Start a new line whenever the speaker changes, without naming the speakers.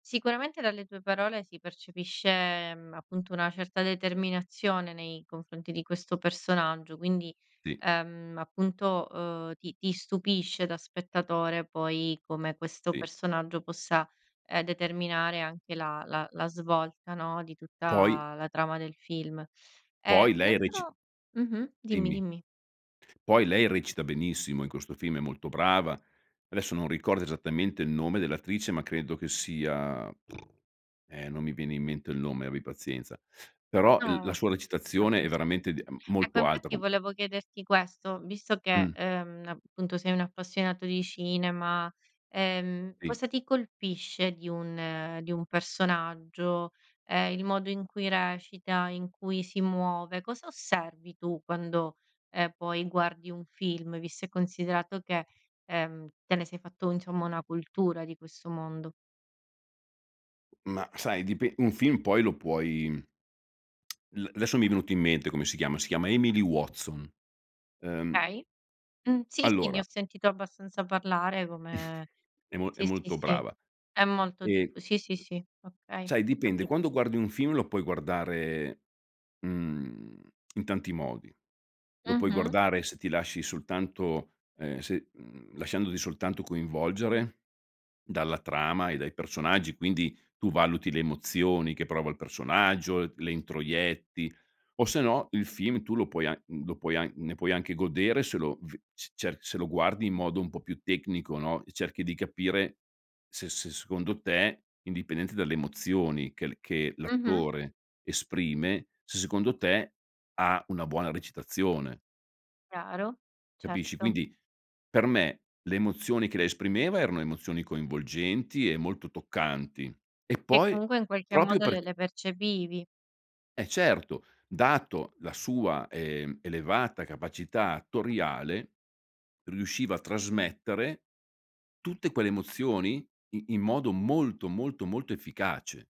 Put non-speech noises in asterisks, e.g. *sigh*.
Sicuramente, dalle tue parole si percepisce, mhmm, appunto, una certa determinazione nei confronti di questo personaggio. Quindi,
Sì.
ehm, appunto, uhm, ti ti stupisce, da spettatore, poi, come questo
Sì.
personaggio possa, ehm, determinare anche la la la svolta, no, di
Poi
tutta la trama del film. Eh,
Poi,
un
lei reci
altro mh-mh, dimmi,
Dimmi.
dimmi.
Poi, lei recita benissimo in questo film, è molto brava. Adesso non ricordo esattamente il nome dell'attrice, ma credo che sia *lip trill* eh, non mi viene in mente il nome, abbi pazienza. Però, l la
No,
sua recitazione è
capisco.
veramente, de
Ecco,
molto alta,
infatti,
co
volevo chiederti questo, visto che,
Mh.
ehm, appunto, sei un appassionato di cinema, ehm,
Sì.
cosa ti colpisce di un di un personaggio? Ehm, il modo in cui recita, in cui si muove? Cosa osservi tu quando, ehm, poi guardi un film? Visto e considerato che, ehm, te ne sei fatto, insomma, una cultura di questo mondo.
Mah, sai, dipe un film, poi, lo puoi *smacks lips* l adesso mi è venuto in mente come si chiama. Si chiama Emily Watson, ehm.
Okay. Mh, sì, sì, ne ho
Allora
sentito abbastanza parlare
*chuckles*
come
È mo è
sì, sì,
molto
sì,
brava.
è molto diff
E
Sì, sì, sì, okay,
sai, dipende.
capito.
Quando guardi un film, lo puoi guardare, mhmm, in tanti modi. Lo puoi
Mh-mh.
guardare se ti lasci soltanto, ehm se, mhmm lasciandoti soltanto coinvolgere dalla trama e dai personaggi, quindi tu valuti le emozioni che prova il personaggio, le introietti. O, se no, il film tu lo puoi an lo puoi an ne puoi anche godere se lo ve c cioè, se lo guardi in modo un po' più tecnico, no, e cerchi di capire se se, secondo te, indipendente dalle emozioni che l che
Mh-mh.
l'attore esprime, se, secondo te, ha una buona recitazione.
Chiaro.
Capisci?
Certo.
Quindi, per me, le emozioni che lei esprimeva erano emozioni coinvolgenti e molto toccanti, e
Che,
poi,
comunque, in qualche
proprio
modo, le
perc
le percepivi.
È certo. Dato la sua, ehm, elevata capacità attoriale, riusciva a trasmettere tutte quelle emozioni i in modo molto, molto, molto efficace.